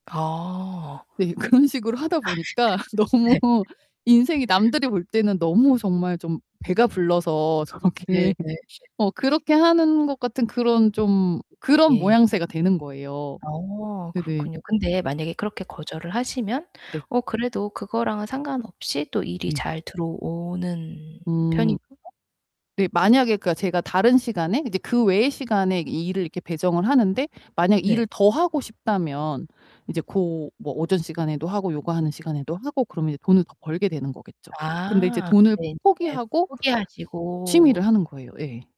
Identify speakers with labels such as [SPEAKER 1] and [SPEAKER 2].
[SPEAKER 1] 아.
[SPEAKER 2] 네, 그런 식으로 하다 보니까 너무
[SPEAKER 1] 네.
[SPEAKER 2] 인생이 남들이 볼 때는 너무 정말 좀 배가 불러서
[SPEAKER 1] 네 네
[SPEAKER 2] 저렇게
[SPEAKER 1] 네.
[SPEAKER 2] 어 그렇게 하는 것 같은 그런 좀
[SPEAKER 1] [unintelligible]
[SPEAKER 2] 그런
[SPEAKER 1] 예.
[SPEAKER 2] 모양새가 되는 거예요.
[SPEAKER 1] 어,
[SPEAKER 2] 네네.
[SPEAKER 1] 그렇군요. 근데 만약에 그렇게 거절을 하시면
[SPEAKER 2] 네.
[SPEAKER 1] 어 그래도 그거랑은 상관없이 또 일이
[SPEAKER 2] 네.
[SPEAKER 1] 잘 들어오는
[SPEAKER 2] 음.
[SPEAKER 1] 편인가요?
[SPEAKER 2] 네, 만약에 그러니까 제가 다른 시간에 이제 그 외의 시간에 일을 이렇게 배정을 하는데 만약에
[SPEAKER 1] 네.
[SPEAKER 2] 일을 더 하고 싶다면 이제 고 뭐 오전 시간에도 하고 요거하는 시간에도 하고 그러면 이제 돈을 더 벌게 되는 거겠죠. 근데 이제
[SPEAKER 1] 아
[SPEAKER 2] 돈을
[SPEAKER 1] 근데
[SPEAKER 2] 포
[SPEAKER 1] 인제
[SPEAKER 2] 포기하고
[SPEAKER 1] 포기하시고.
[SPEAKER 2] 취미를 하는 거예요. 예.